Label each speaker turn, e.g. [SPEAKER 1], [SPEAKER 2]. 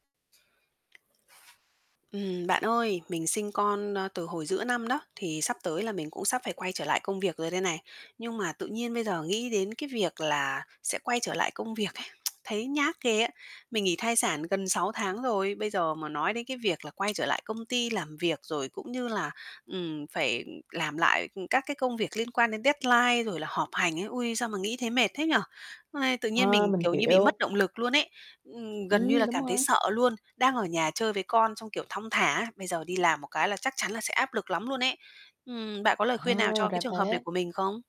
[SPEAKER 1] Ừm, bạn ơi, mình sinh con, ơ, từ hồi giữa năm đó, thì sắp tới là mình cũng sắp phải quay trở lại công việc rồi đây này. Nhưng mà tự nhiên bây giờ nghĩ đến cái việc là sẽ quay trở lại công việc ấy, thấy nhát ghê á. Mình nghỉ thai sản gần 6 tháng rồi, bây giờ mà nói đến cái việc là quay trở lại công ty làm việc rồi cũng như là, ừm, phải làm lại, ừm, các cái công việc liên quan đến deadline rồi là họp hành ấy, ôi, sao mà nghĩ thấy mệt thế nhỉ? Ây, tự nhiên
[SPEAKER 2] A,
[SPEAKER 1] mình,
[SPEAKER 2] mình
[SPEAKER 1] kiểu như, bị mất
[SPEAKER 2] hiểu.
[SPEAKER 1] động lực luôn ấy, ừm, gần như
[SPEAKER 2] Ừm,
[SPEAKER 1] là
[SPEAKER 2] đúng
[SPEAKER 1] cảm thấy
[SPEAKER 2] rồi.
[SPEAKER 1] sợ luôn, đang ở nhà chơi với con xong, kiểu, thong thả, bây giờ đi làm một cái là chắc chắn là sẽ áp lực lắm luôn ấy. Ừm, bạn có lời
[SPEAKER 2] À,
[SPEAKER 1] khuyên nào cho cái
[SPEAKER 2] ra
[SPEAKER 1] trường hợp này
[SPEAKER 2] thế.
[SPEAKER 1] của mình không?